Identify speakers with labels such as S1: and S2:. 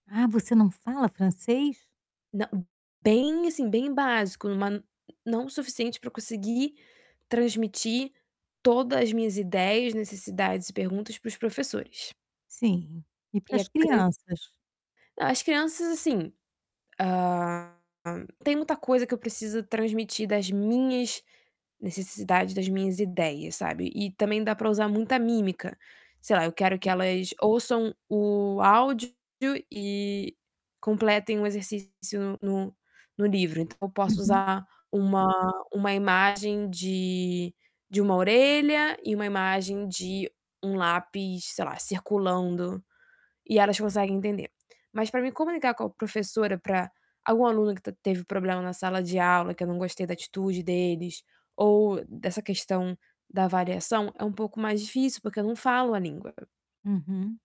S1: Ah, você não fala francês?
S2: Não bem, assim, bem básico, em uma não suficiente para eu conseguir transmitir toda as minhas ideias, necessidades e perguntas para os professores.
S1: Sim, e para
S2: E a
S1: as
S2: gran
S1: crianças?
S2: É, as crianças assim, hã, tem muita coisa que eu preciso transmitir das minhas necessidades, das minhas ideias, sabe. E também dá para usar muita mímica. Sei lá, eu quero que
S1: E
S2: elas ouçam o áudio e completem o exercício no no livro, então eu posso
S1: Uhum.
S2: usar uma uma imagem de de uma orelha e uma imagem de um lápis, sei lá, circulando, e elas conseguem entender. Mas para mim comunicar com a professora para algum aluno que ta teve problema na sala de aula que eu não gostei da atitude deles, ou dessa questão da avaliação é um pouco mais difícil, porque eu não falo a língua.
S1: Uhum.